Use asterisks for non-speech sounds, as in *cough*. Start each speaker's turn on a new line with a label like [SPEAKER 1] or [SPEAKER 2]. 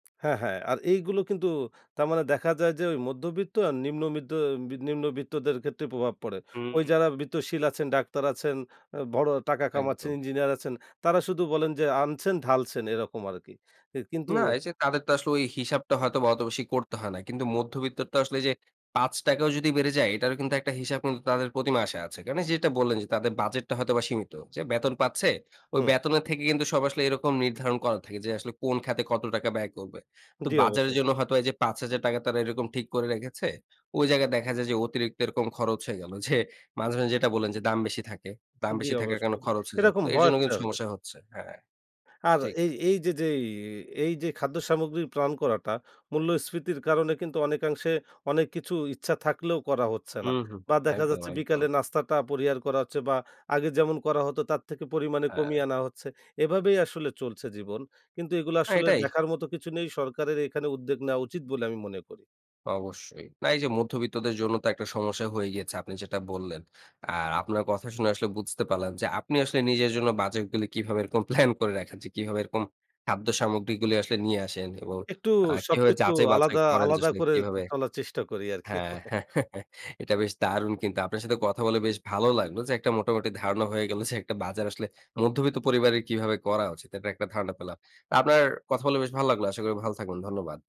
[SPEAKER 1] হ্যাঁ, হ্যাঁ। আর এইগুলো কিন্তু তার মানে দেখা যায় যে ঐ মধ্যবিত্ত আর নিম্নমিত্ত নিম্নবিত্তদের ক্ষেত্রে প্রভাব পড়ে।
[SPEAKER 2] হু,
[SPEAKER 1] ওই
[SPEAKER 2] হু।
[SPEAKER 1] যারা বিত্তশীল আছেন, ডাক্তার আছেন, আ বড় টাকা কামাচ্ছেন,
[SPEAKER 2] একদম।
[SPEAKER 1] ইঞ্জিনিয়ার আছেন তারা শুধু বলেন যে, "আনছেন, ঢালছেন।" এরকম আরকি। এ কিন্তু
[SPEAKER 2] না, এই যে তাদের তো আসলে ওই হিসাবটা হয়তোবা অতো বেশি করতে হয় না। কিন্তু মধ্যবিত্তের তো আসলে এই যে ৳৫ ও যদি বেড়ে যায় এটারও কিন্তু একটা হিসাব কিন্তু তাদের প্রতিমাসে আছে। কারণ যেটা বললেন, যে তাদের বাজেটটা হয়তোবা সীমিত। যে বেতন পাচ্ছে ওই
[SPEAKER 1] হুম।
[SPEAKER 2] বেতনের থেকে কিন্তু সব আসলে এরকম নির্ধারণ করা থাকে যে আসলে কোন খাতে কত টাকা ব্যয় করবে। তো
[SPEAKER 1] জি,
[SPEAKER 2] বাজারের
[SPEAKER 1] অবশ্যই।
[SPEAKER 2] জন্য হয়তো এইযে ৳৫,০০০ তারা এরকম ঠিক করে রেখেছে, ওই জায়গায় দেখা যায় যে অতিরিক্ত এরকম খরচ হয়ে গেল। যে মাঝে, মাঝে যেটা বললেন যে দাম বেশি থাকে, দাম
[SPEAKER 1] জি,
[SPEAKER 2] বেশি থাকার কারণে
[SPEAKER 1] অবশ্যই।
[SPEAKER 2] খরচ হয়ে যায়।
[SPEAKER 1] এরকম
[SPEAKER 2] তো এর
[SPEAKER 1] হওয়ার
[SPEAKER 2] জন্য কিন্তু
[SPEAKER 1] *unintelligible*
[SPEAKER 2] সমস্যা হচ্ছে। হ্যাঁ।
[SPEAKER 1] আর
[SPEAKER 2] ঠিক।
[SPEAKER 1] এই এইযে যেই এ এই যে খাদ্য সামগ্রী প্ল্যান করাটা মূল্যস্ফীতির কারণে কিন্তু অনেকাংশে অনেক কিছু ইচ্ছা থাকলেও করা হচ্ছে
[SPEAKER 2] হু,
[SPEAKER 1] না।
[SPEAKER 2] হু।
[SPEAKER 1] বা দেখা
[SPEAKER 2] একদম,
[SPEAKER 1] যাচ্ছে
[SPEAKER 2] একদম।
[SPEAKER 1] বিকালের নাস্তাটা পরিহার করা হচ্ছে বা আগে যেমন করা হতো তার থেকে পরিমাণে কমিয়ে
[SPEAKER 2] হ্যাঁ।
[SPEAKER 1] আনা হচ্ছে। এভাবেই আসলে চলছে জীবন। কিন্তু এগুলা
[SPEAKER 2] হ্যাঁ,
[SPEAKER 1] আসলে
[SPEAKER 2] এটাই।
[SPEAKER 1] দেখার মতো কিছু নেই সরকারের এখানে উদ্যোগ নেয়া উচিত বলে আমি মনে করি।
[SPEAKER 2] অবশ্যই। না, এই যে মধ্যবিত্তদের জন্য তো একটা সমস্যা হয়ে গিয়েছে। আপনি যেটা বললেন। আর আপনার কথা শুনে আসলে বুঝতে পারলাম, যে আপনি আসলে নিজের জন্য বাজেটগুলি কিভাবে এরকম প্লান করে রাখেন যে কিভাবে এরকম খাদ্য সামগ্রীগুলি আসলে নিয়ে আসেন এবং
[SPEAKER 1] একটু
[SPEAKER 2] আ কিভাবে
[SPEAKER 1] সবকিছু
[SPEAKER 2] যাচাই-বাঁচাই
[SPEAKER 1] আলাদা,
[SPEAKER 2] করেন, যে
[SPEAKER 1] আলাদা করে
[SPEAKER 2] কিভাবে
[SPEAKER 1] চলার চেষ্টা করি আরকি।
[SPEAKER 2] হ্যাঁ,
[SPEAKER 1] *chuckles*
[SPEAKER 2] *chuckles* এটা বেশ দারুণ কিন্তু আপনার সাথে কথা বলে বেশ ভালো লাগলো যে একটা মোটামুটি ধারণা হয়ে গেল যে একটা বাজার আসলে মধ্যবিত্ত পরিবারের কিভাবে করা উচিত এটার একটা ধারণা পেলাম। তা আপনার কথা বলে বেশ ভালো লাগলো। আশা করি ভালো থাকবেন। ধন্যবাদ।